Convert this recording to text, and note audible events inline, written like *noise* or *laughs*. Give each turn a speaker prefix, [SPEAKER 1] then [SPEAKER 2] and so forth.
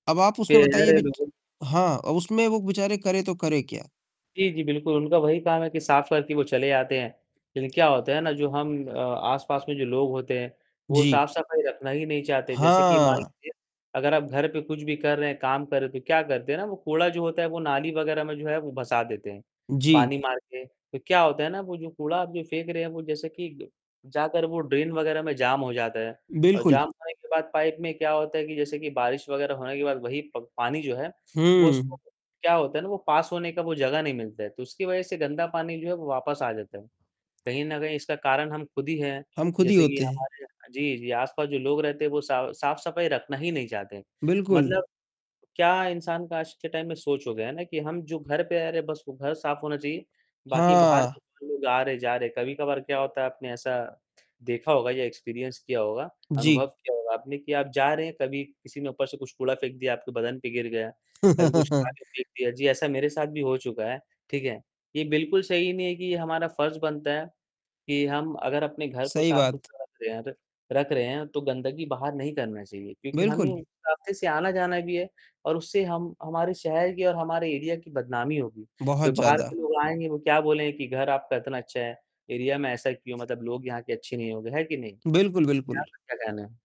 [SPEAKER 1] अब आप
[SPEAKER 2] के
[SPEAKER 1] उसमें बताइए
[SPEAKER 2] अरे,
[SPEAKER 1] बिच
[SPEAKER 2] बिल्कुल।
[SPEAKER 1] हाँ, अब उसमें वो बेचारे करें तो करें क्या?
[SPEAKER 2] जी, जी, बिल्कुल, उनका वही काम है कि साफ करके वो चले आते हैं, लेकिन क्या होता है ना जो हम अ, आसपास में जो लोग होते हैं, वो
[SPEAKER 1] जी।
[SPEAKER 2] साफ-सफाई रखना ही नहीं चाहते, जैसे कि मान
[SPEAKER 1] हाँ।
[SPEAKER 2] लीजिए, अगर आप घर पे कुछ भी कर रहे हैं, काम कर रहे हैं, तो क्या करते हैं ना वो कूड़ा जो होता है वो नाली वगैरह में जो है वो भसा देते हैं,
[SPEAKER 1] जी।
[SPEAKER 2] पानी मार के, तो क्या होता है ना वो जो कूड़ा आप फेंक जो रहे हैं वो जैसे कि ड जाकर वो ड्रेन वगैरह में जाम हो जाता है। और
[SPEAKER 1] बिल्कुल।
[SPEAKER 2] जाम होने के बाद पाइप में क्या होता है कि जैसे कि बारिश वगैरह होने के बाद वही प पानी जो है, वो उसको
[SPEAKER 1] हम्म।
[SPEAKER 2] क्या होता है ना वो पास होने का वो जगह नहीं मिलता है, तो उसकी वजह से गंदा पानी जो है वो वापस आ जाता है, कहीं न कहीं इसका कारण हम खुद ही हैं।
[SPEAKER 1] हम खुद ही
[SPEAKER 2] जैसे कि
[SPEAKER 1] होते हैं।
[SPEAKER 2] हमारे जी, जी, आसपास जो लोग रहते हैं वो सा साफ-सफाई रखना ही नहीं चाहते।
[SPEAKER 1] बिल्कुल।
[SPEAKER 2] मतलब क्या इंसान का आज के टाइम में सोच हो गया है ना कि हम जो घर पे रह रहे है, बस वो घर साफ होना चाहिए, बाकी बाहर
[SPEAKER 1] हाँ।
[SPEAKER 2] लोग आ रहे, जा रहे कभी-कभार क्या होता है आपने ऐसा, देखा होगा या एक्सपीरियंस किया होगा, अनुभव
[SPEAKER 1] जी।
[SPEAKER 2] किया होगा आपने कि आप जा रहे हैं कभी किसी ने ऊपर से कुछ कूड़ा फेंक दिया, आपके बदन पे गिर गया। कभी कुछ
[SPEAKER 1] *laughs*
[SPEAKER 2] खाके फेंक दिया जी, ऐसा मेरे साथ भी हो चुका है, ठीक है? ये बिल्कुल सही नहीं है कि हमारा फर्ज बनता है, कि हम अगर अपने घर को
[SPEAKER 1] सही
[SPEAKER 2] साफ
[SPEAKER 1] बात।
[SPEAKER 2] सुथरा रख रहे हैं तो रख रहे हैं तो गंदगी बाहर नहीं करनी चाहिए। क्योंकि हमें
[SPEAKER 1] बिल्कुल।
[SPEAKER 2] उस रास्ते से आना-जाना भी है और उससे हम हमारे शहर की और हमारे एरिया की बदनामी होगी,
[SPEAKER 1] बहुत
[SPEAKER 2] फिर बाहर के
[SPEAKER 1] ज़्यादा।
[SPEAKER 2] लोग आएँगे वो क्या बोलेंगे कि घर आपका इतना अच्छा है, एरिया में ऐसा क्यों? मतलब लोग यहाँ के अच्छे नहीं होंगे, है कि नहीं?
[SPEAKER 1] बिल्कुल,
[SPEAKER 2] इसपे
[SPEAKER 1] बिल्कुल।
[SPEAKER 2] आपका क्या कहना है?